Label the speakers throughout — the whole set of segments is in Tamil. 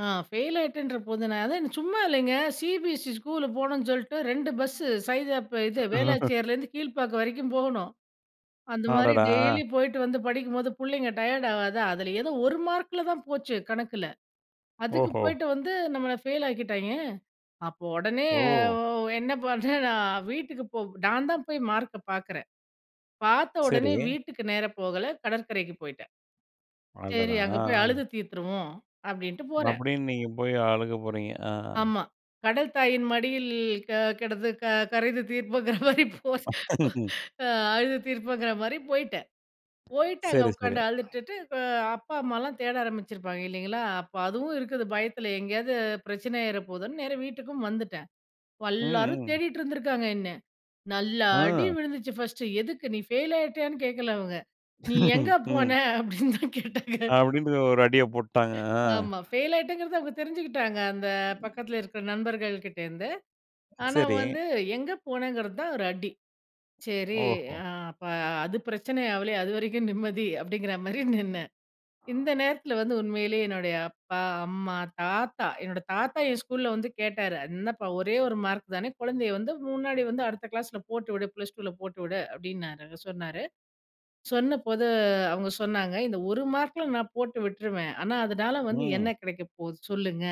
Speaker 1: ஆ ஃபெயில் ஆயிட்டேன்ற போது, நான் தான் சும்மா இல்லைங்க. சிபிஎஸ்இ ஸ்கூலுக்கு போனும்னு சொல்லிட்டு, 2 பஸ்ஸு. சைதாப் பே இது
Speaker 2: ஆஹா.
Speaker 1: வேளாச்சேரிலேருந்து, கீழ்பாக்கம் வரைக்கும் போகணும். அந்த மாரி
Speaker 2: அடடா!
Speaker 1: டெய்லி போய்ட்டு வந்து படிக்கும்போது பிள்ளைங்க டயர்ட் ஆகாதா? அதுல, ஏதோ ஒரு மார்க்குல தான் போச்சு. கணக்குல. அதுக்கு
Speaker 2: ஓஹோ!
Speaker 1: போய்ட்டு வந்து நம்மளை ஃபெயில் ஆக்கிட்டாய்ங்க. அப்போ உடனே
Speaker 2: ஓ!
Speaker 1: ஒ என்ன பண்டேன் நான்? வீட்டுக்கு போ நான்தான் போய் மார்க்க பார்க்குறேன். பார்த்த
Speaker 2: சரி.
Speaker 1: உடனே வீட்டுக்கு நேரா போகல. கடற்கரைக்கு போய்ட்டேன். சரி.
Speaker 2: அடடா!
Speaker 1: அங்கே போய்
Speaker 2: ஆ.
Speaker 1: அழுது தீர்த்துருவோம், அப்படின்ட்டு போறேன்.
Speaker 2: அப்படின்னு நீங்க போய் அழுக போறீங்க. ஆ.
Speaker 1: ஆமா, கடல் தாயின் மடியில் க கிடந்து க கரைந்து தீர்ப்போம்ங்கற மாரி போ ஸ் அ அழுது தீர்ப்போங்கிற மாரி போயிட்டேன். போயிட்டு அங்கே
Speaker 2: சரி, சரி.
Speaker 1: உக்காந்து அழுதுட்டு அ அப்பா, அம்மாலாம் தேட ஆரம்பிச்சிருப்பாங்க, இல்லைங்களா? அப்போ அதுவும் இருக்குது பயத்தில. எங்கேயாவது பிரச்சனை ஆயிர போதுன்னு நேரா வீட்டுக்கும் வந்துட்டேன். வ
Speaker 2: ம்,
Speaker 1: எல்லாரும்
Speaker 2: ம்.
Speaker 1: தேடிட்டு இருந்துருக்காங்க, என்னை. நல்லா அடி
Speaker 2: ஆ.
Speaker 1: விழுந்துச்சு, ஃபர்ஸ்ட்டு. "எதுக்கு? நீ ஃபெயில் ஆயிடியானு கேட்கல, அவங்க. நீ எங்கே போன?"
Speaker 2: ம்.
Speaker 1: அப்படின்னு தான் கேட்டாங்க.
Speaker 2: அப்படின்டு ஒரு அடியை போட்டுட்டாங்க, அ.
Speaker 1: ஆமா, ஃபெயில் ஆகிட்டேன்றத அவங்க தெரிஞ்சுக்கிட்டாங்க, அந்த பக்கத்தில இருக்கிற நண்பர்கள் கிட்ட இருந்து. ஆனா
Speaker 2: சரி.
Speaker 1: வந்து எங்கே போனேங்கிறது தான் ஒரு அடி. சரி.
Speaker 2: ஓஹோ!
Speaker 1: ஆ அப்ப அது பிரச்சனை ஆகலையே, அது வரைக்கும் நிம்மதி, அப்படிங்கிற மாரி நின்னேன். இந்த நேரத்துல வந்து உண்மையிலேயே என்னுடைய அப்பா, அம்மா, தாத்தா என்னுடைய தாத்தா என் ஸ்கூல்ல வந்து கேட்டாரு. "என்னப்பா! ஒரே 1 மார்க் தானே! குழந்தையை வந்து முன்னாடி வந்து அடுத்த கிளாஸ்ல போட்டு விடு. +2ல போட்டு விடு." அப்படின்னாரு. சொன்னாரு. சொன்ன போது, அவுங்க சொன்னாங்க, "இந்த ஒரு மார்க்குல நான் போட்டு விட்ருவேன். ஆனா அதுனால வந்து
Speaker 2: ம்.
Speaker 1: என்ன கிடைக்க போகுது. சொல்லுங்க.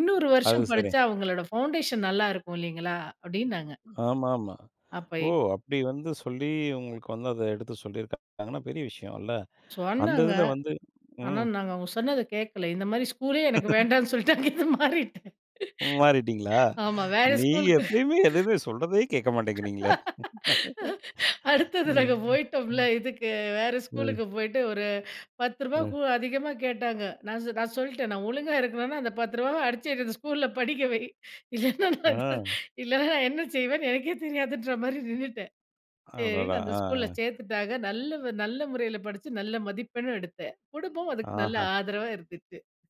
Speaker 1: இன்னொரு
Speaker 2: அது
Speaker 1: வருஷம்
Speaker 2: சரி.
Speaker 1: படிச்சா அவுங்களோட பவுண்டேஷன் நல்லா இருக்கும், இல்லைங்களா?" அப்டினாங்க.
Speaker 2: ஆமாமா.
Speaker 1: அப்ப
Speaker 2: ஓ!
Speaker 1: இப்
Speaker 2: அப்படி வந்து சொல்லி, உங்களுக்கு வந்து அதை எடுத்து சொல்லியிருக்கா ங்கன்னா பெரிய விஷயம்ல, அந்த
Speaker 1: சொன்னாங்க.
Speaker 2: இதில வந்து
Speaker 1: ஆனா,
Speaker 2: ம்.
Speaker 1: நாங் அவுங்க சொன்னதை கேட்கல. இந்த மாரி ஸ்கூலே எனக்கு வேண்டாம்னு சொல்லிட்டு, அங்க இருந்து மாறிட்டேன்.
Speaker 2: ம் மாறிட்டிங்களா?
Speaker 1: ஆமா. வேற
Speaker 2: நீ
Speaker 1: ஸ்கூல்க்கு.
Speaker 2: எப்பவுமே எதுவுமே சொல்றதையே கேட்க மாட்டேங்கிறீங்களே!
Speaker 1: அடுத்தது
Speaker 2: ம்.
Speaker 1: நாங்க போய்டோம்ல.
Speaker 2: ம்.
Speaker 1: இதுக்கு. வேறு
Speaker 2: ம்.
Speaker 1: ஸ்கூலுக்கு போய்ட்டு, ஒரு ரூ. 10
Speaker 2: ம்.
Speaker 1: கூ அதிகமா கேட்டாங்க. நான் சொ நான் சொல்லிட்டேன். நான் ஒழுங்கா இருக்கணும்னா, அந்த ரூ. 10வ அடிச்சி என்ன அந்த ஸ்கூல்ல படிக்க வை. இல்லைனா நான்
Speaker 2: ஆ.
Speaker 1: இல்லைனா நான் என்ன செய்வேன்னு எனக்கே தெரியாதுன்ற மாரி நின்னுட்டேன்.
Speaker 2: அடடா.
Speaker 1: சரின்னு அந்த
Speaker 2: ஆ. ஆ.
Speaker 1: ஸ்கூலில் சேர்த்துட்டாங்க, நல்ல வ நல்ல முறையில படிச்சி நல்ல மதிப்பெண்ணும் எடுத்தேன். குடும்பம் அதுக்கு நல்ல
Speaker 2: ஆஹா.
Speaker 1: ஆதரவா இருந்துச்சு.